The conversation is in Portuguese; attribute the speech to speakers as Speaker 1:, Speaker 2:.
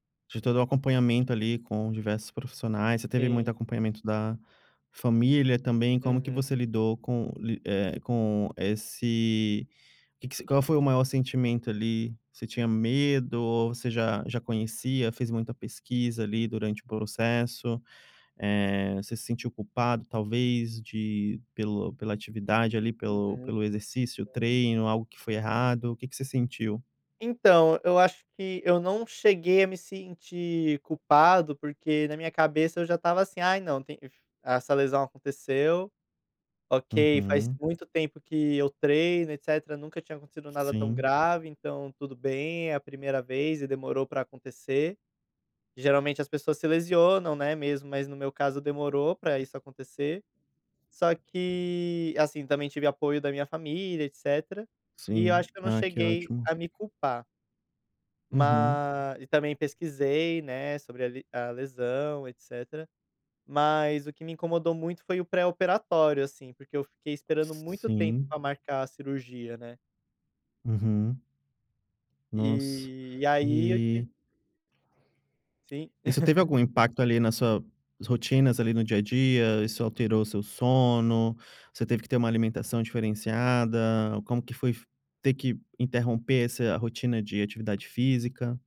Speaker 1: De todo o acompanhamento ali com diversos profissionais, você teve muito
Speaker 2: Sim.
Speaker 1: acompanhamento da família também, como que
Speaker 2: Uhum.
Speaker 1: você lidou com li eh, com esse que que se qual foi o maior sentimento ali, você tinha medo ou você já já conhecia, fez muita pesquisa ali durante o processo, eh, você se sentiu culpado talvez de pelo pela atividade ali
Speaker 2: Uhum,
Speaker 1: pelo pelo exercício,
Speaker 2: hum.
Speaker 1: treino, algo que foi errado, o que que você sentiu?
Speaker 2: Então, eu acho que eu não cheguei a me sentir culpado, porque na minha cabeça eu já estava assim: "Ai não, essa lesão aconteceu, ok, faz
Speaker 1: Uhum.
Speaker 2: muito tempo que eu treino etcétera, nunca tinha acontecido nada tão
Speaker 1: Sim.
Speaker 2: grave, então tudo bem, é a primeira vez e demorou para acontecer". Geralmente as pessoas se lesionam não é mesmo, mas no meu caso demorou para isso acontecer. Só que, assim, também tive apoio da minha família etcétera, e eu
Speaker 1: Sim,
Speaker 2: acho que eu não
Speaker 1: ah que
Speaker 2: cheguei
Speaker 1: ótimo.
Speaker 2: a me culpar.
Speaker 1: Uhum.
Speaker 2: Mas, e também pesquisei, né, sobre a li a lesão, etcétera, mas o que me incomodou muito foi o pré-operatório, assim, porque eu fiquei esperando muito tempo
Speaker 1: Sim.
Speaker 2: para marcar a cirurgia, né.
Speaker 1: Uhum. Nossa,
Speaker 2: E, e aí eu tive
Speaker 1: e
Speaker 2: Sim.
Speaker 1: Isso teve algum impacto ali na suas rotinas ali no dia a dia, isso alterou o seu sono, você teve que ter uma alimentação diferenciada, como que foi ter que interromper essa rotina de atividade física?